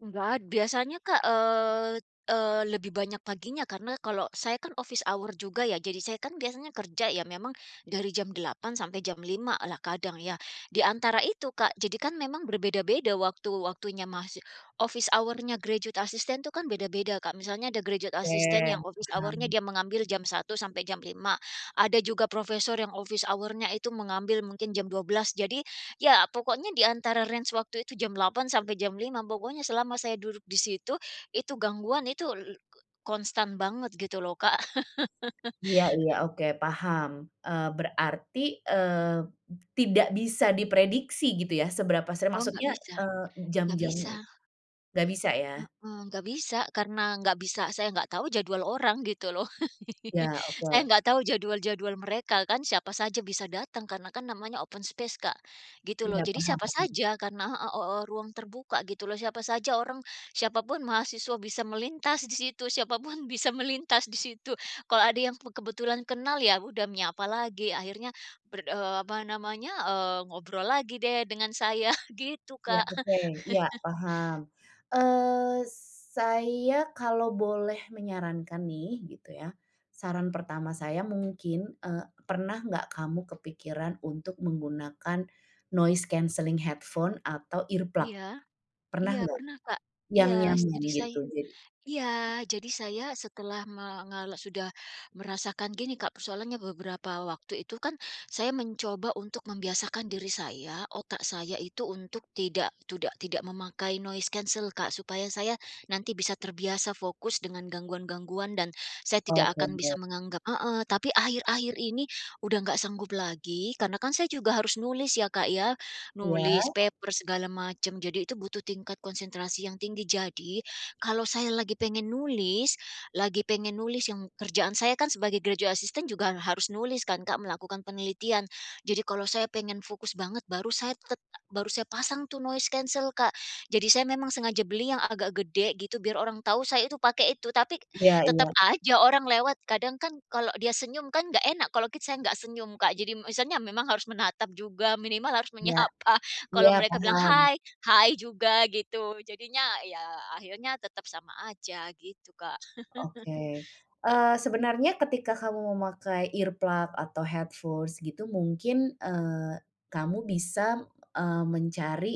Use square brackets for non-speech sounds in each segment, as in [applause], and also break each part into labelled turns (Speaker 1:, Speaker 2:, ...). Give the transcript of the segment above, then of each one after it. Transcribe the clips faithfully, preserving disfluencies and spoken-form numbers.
Speaker 1: Nggak ada, biasanya Kak, eee eee, lebih banyak paginya karena kalau saya kan office hour juga ya, jadi saya kan biasanya kerja ya memang, dari jam delapan sampai jam lima lah kadang ya. Di antara itu Kak, jadi kan memang berbeda-beda waktu-waktunya masih office hour-nya graduate assistant tu kan beda-beda Kak. Misalnya ada graduate
Speaker 2: Oke,
Speaker 1: assistant yang office hour-nya
Speaker 2: paham.
Speaker 1: dia mengambil jam satu sampai jam lima. Ada juga profesor yang office hour-nya itu mengambil mungkin jam dua belas jadi, ya pokoknya di antara range waktu itu jam delapan sampai jam lima pokoknya selama saya duduk di situ, itu gangguan itu, l k konstan banget gitu loh Kak.
Speaker 2: Iya iya,
Speaker 1: [chuckles]
Speaker 2: oke, paham, eee, berarti, eee, tidak bisa diprediksi gitu ya seberapa sering
Speaker 1: Oh, nggak
Speaker 2: maksudnya,
Speaker 1: bisa,
Speaker 2: eee,
Speaker 1: nggak bisa.
Speaker 2: jam-jamnya i nggak bisa ya?
Speaker 1: Mhm, nggak bisa karena nggak bisa, saya nggak tahu jadwal orang gitu loh. [chuckles]
Speaker 2: Ya,
Speaker 1: Saya
Speaker 2: oke.
Speaker 1: nggak tahu jadwal-jadwal mereka kan siapa saja bisa datang karena kan namanya open space Kak, gitu loh.
Speaker 2: Tidak
Speaker 1: Jadi
Speaker 2: paham
Speaker 1: siapa
Speaker 2: apa in
Speaker 1: saja karena heeh, hooh ruang terbuka gitu loh siapa saja orang, siapapun mahasiswa bisa melintas di situ, siapapun bisa melintas di situ kalau ada yang be kebetulan kenal ya udah menyapa lagi akhirnya berdo eee, apa namanya, eee, ngobrol lagi deh dengan saya gitu
Speaker 2: Iya,
Speaker 1: Kak.
Speaker 2: oke, iya, paham,
Speaker 1: [chuckles]
Speaker 2: eee, saya kalau boleh menyarankan nih, gitu ya, saran pertama saya mungkin, eee, pernah nggak kamu kepikiran untuk menggunakan noise cancelling headphone atau earplug?
Speaker 1: Iya.
Speaker 2: Pernah
Speaker 1: Iya,
Speaker 2: nggak?
Speaker 1: pernah Kak,
Speaker 2: Yang
Speaker 1: iya s
Speaker 2: nyaman
Speaker 1: jadi say
Speaker 2: gitu jadi.
Speaker 1: iya, jadi saya setelah mengalo sudah merasakan gini Kak, persoalannya beberapa waktu itu kan, saya mencoba untuk membiasakan diri saya, otak saya itu, untuk tidak tudak tidak memakai noise cancel Kak supaya saya nanti bisa terbiasa fokus dengan gangguan-gangguan dan saya tidak
Speaker 2: Oke
Speaker 1: akan bisa
Speaker 2: deh.
Speaker 1: menganggap heeh, tapi akhir-akhir ini, udah nggak sanggup lagi karena kan saya juga harus nulis ya Kak ya,
Speaker 2: Iya.
Speaker 1: nulis paper segala macam. Jadi itu butuh tingkat konsentrasi yang tinggi, jadi, kalau saya lagi pengen nulis lagi pengen nulis yang kerjaan saya kan sebagai graduate assistant juga harus nulis kan Kak melakukan penelitian, jadi kalau saya pengen fokus banget baru saya tet baru saya pasang tuh noise cancel Kak, jadi saya memang sengaja beli yang agak gede gitu biar orang tahu saya itu pakai itu tapi,
Speaker 2: Iya
Speaker 1: tetep
Speaker 2: iya.
Speaker 1: aja orang lewat kadang kan kalau dia senyum kan nggak enak kalau kit saya nggak senyum Kak, jadi misalnya memang harus menatap juga minimal harus
Speaker 2: Iya.
Speaker 1: menyapa, kalau
Speaker 2: Iya,
Speaker 1: mereka bilang,
Speaker 2: paham.
Speaker 1: "Hai." "Hai, juga." Gitu. Jadinya ya akhirnya tetap sama aja, gitu Kak.
Speaker 2: Oke,
Speaker 1: [chuckles]
Speaker 2: eee, sebenarnya ketika kamu memakai earplug atau headforce gitu mungkin, eee, kamu bisa, eee, mencari,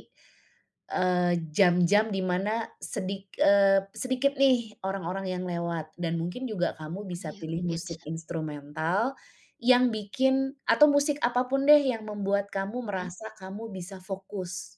Speaker 2: eee, jam-jam di mana sedik eee, sedikit nih, orang-orang yang lewat dan mungkin juga kamu
Speaker 1: Oh,
Speaker 2: bisa
Speaker 1: iya,
Speaker 2: pilih
Speaker 1: mungkin
Speaker 2: musik
Speaker 1: bisa.
Speaker 2: instrumental, yang bikin atau musik apapun deh yang membuat kamu
Speaker 1: Benar.
Speaker 2: merasa kamu bisa fokus.